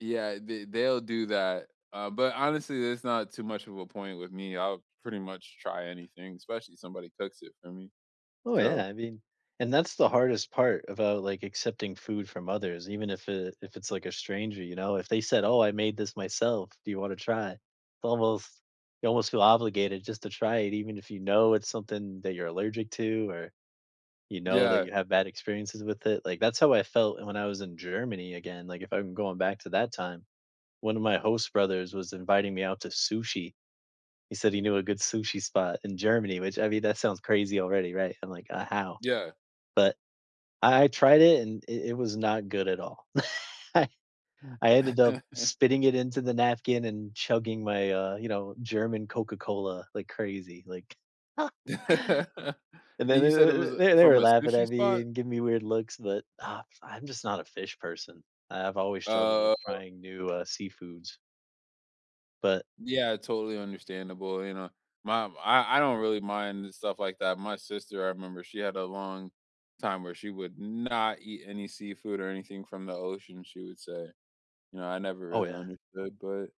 Yeah, they they'll do that. Uh, but, honestly, there's not too much of a point with me, I'll pretty much try anything, especially if somebody cooks it for me. Oh yeah, So I mean and that's the hardest part about, like, accepting food from others, even if it if it's, like a stranger, you know, if they said, "Oh, I made this myself, do you wanna try?" Almost you almost feel obligated just to try it, even if you know it's something that you're allergic to, or you know that Yeah. you had bad experiences with it, like, that's how I felt when I was in Germany again, like, if I'm going back to that time, one of my host brothers was inviting me out to sushi. He said he knew a good sushi spot in Germany, which I mean, that sounds crazy already, right? I'm like, "Uh, how?" Yeah. But I I tried it, and it it was not good at all. I I ended up spitting it into the napkin and chugging my, uh, you know, German Coca-Cola like crazy, like and And then you said it was, then uh, th they from were a laughing sushi at me, spot? and giving me weird looks, but, ugh, I'm just not a fish person. I I've always struggled with Oh. trying new, uh, seafoods. But Yeah, totally understandable, you know my I I don't really mind stuff like that. My sister, I remember, she had a long time where she would not eat any seafood or anything from the ocean, she would say. You know, I never Oh, really yeah. understood, but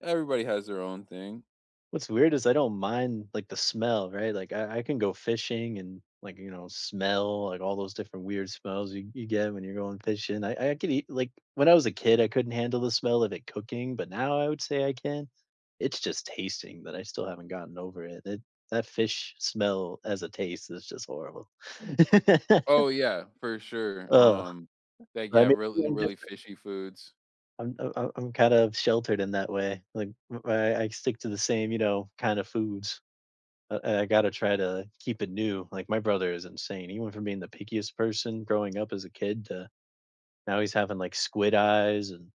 everybody has their own thing. What's weird is, I don't mind, like, the smell, right? Like, I I can go fishing, and, like, you know, smell, like, all those different weird smells y you get when you're going fishing. I I could eat like, when I was a kid, I couldn't handle the smell of it cooking, but now I would say I can. It's just tasting that I still haven't gotten over it it that fish smell, as a taste, is just horrible. Oh, yeah, for sure, Ugh, um, they get [unintelligible] really, feeling really different. fishy foods. I'm uh I'm I'm kind of sheltered in that way. like, I I I stick to the same, you know, kind of foods. Uh, I I gotta try to keep it new. Like, my brother is insane, he went from being the pickiest person growing up as a kid, to now he's having, like, squid eyes, and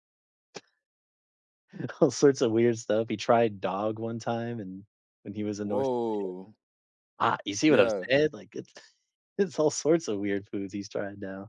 all sorts of weird stuff he tried dog one time, and when he was in North. [unintelligible] Woah. Ah, you see what I'm Yeah. saying? Like it's it's all sorts of weird foods he's trying now.